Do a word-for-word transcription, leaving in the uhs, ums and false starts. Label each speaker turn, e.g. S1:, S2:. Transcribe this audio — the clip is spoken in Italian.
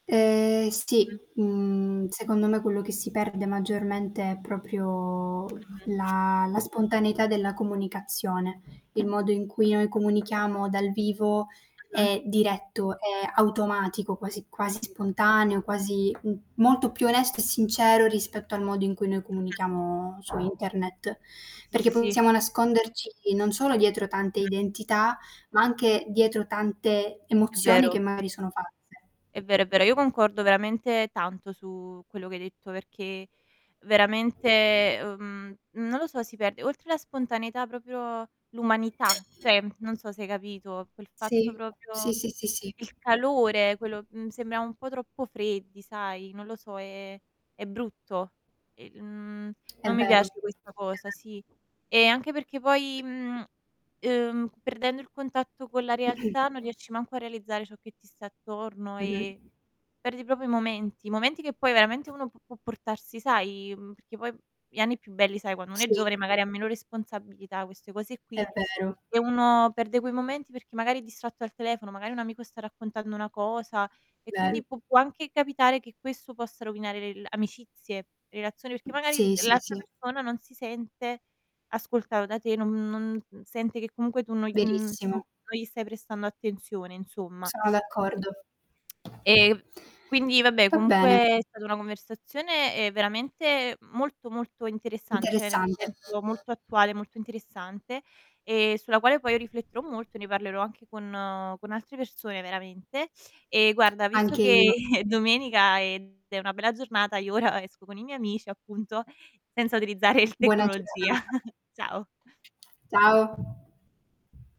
S1: Ehm, sì,
S2: Mh.
S1: uhm, secondo me quello che si perde maggiormente è proprio
S2: Mh-mh.
S1: la la spontaneità della comunicazione, il modo in cui noi comunichiamo dal vivo
S2: Mh-mh.
S1: è diretto, è automatico
S2: Sì
S1: quasi quasi
S2: s sì.
S1: spontaneo, quasi m molto più onesto e sincero rispetto al modo in cui noi
S2: Mh-mh.
S1: comunichiamo su internet.
S2: Sì, sì,
S1: Perché
S2: si, si.
S1: possiamo nasconderci non solo dietro tante
S2: Mh-mh.
S1: identità, ma anche dietro tante
S2: È
S1: emozioni
S2: vero.
S1: che magari sono false.
S2: È vero, è vero. Io concordo veramente tanto su quello che hai detto, perché veramente, ehm, non lo so, si perde oltre la spontaneità proprio l'umanità. ceh, non so se hai capito, quel fatto
S1: Sì.
S2: propio
S1: Sì, sì, sì, sì.
S2: il calore quello mhmm, sembriamo un po' troppo freddi, sai, non lo so, è è brutto e, mhmm,
S1: È
S2: non mi
S1: vero.
S2: piace questa cosa,
S1: [unintelligible]
S2: sì. E anche perché poi, mhmm, ehm, perdendo il contatto con la
S1: Mh-mh.
S2: realtà non riesci manco a realizzare ciò che ti sta attorno, e
S1: Mh-mh.
S2: perdi propio i momenti, momenti che poi veramente uno pu può portarsi sai, mhmm, perché poi gli anni più belli, sai, quando uno è
S1: Sì.
S2: giovane magari ha meno responsabilità, queste cose
S1: È
S2: qui,
S1: vero.
S2: e uno perde quei momenti perché magari è distratto al telefono, magari un amico sta raccontando una cosa e
S1: Vero.
S2: quindi pu può anche capitare che questo possa rovinare l'el amicizie, relazioni, perché magari, mhmm,
S1: Sì, sì,
S2: l'altra
S1: sì.
S2: persona non si sente ascoltav da te, non non mhmm, sente che comunque tu non gl mhmm, non
S1: Verissimo.
S2: non gli stai prestando attenzione, insomma.
S1: Sono d'accordo.
S2: E, mhmm, quindi vabbè
S1: Va
S2: comunque
S1: bene.
S2: è stata una conversazione, ehm, veramente molto, molto interessante, ceh nel
S1: Interessante.
S2: senso molto attuale, molto interessante, e sulla quale poi rifletterò molto, ne parlerò anche con con altre persone veramente. E guarda, visto
S1: Anche
S2: che
S1: io.
S2: è domenica ed è una bella giornata, io ora esco con i miei amici, appunto, senza utilizzare il
S1: Buona
S2: tecnologia.
S1: giornata.
S2: Ciao.
S1: Ciao.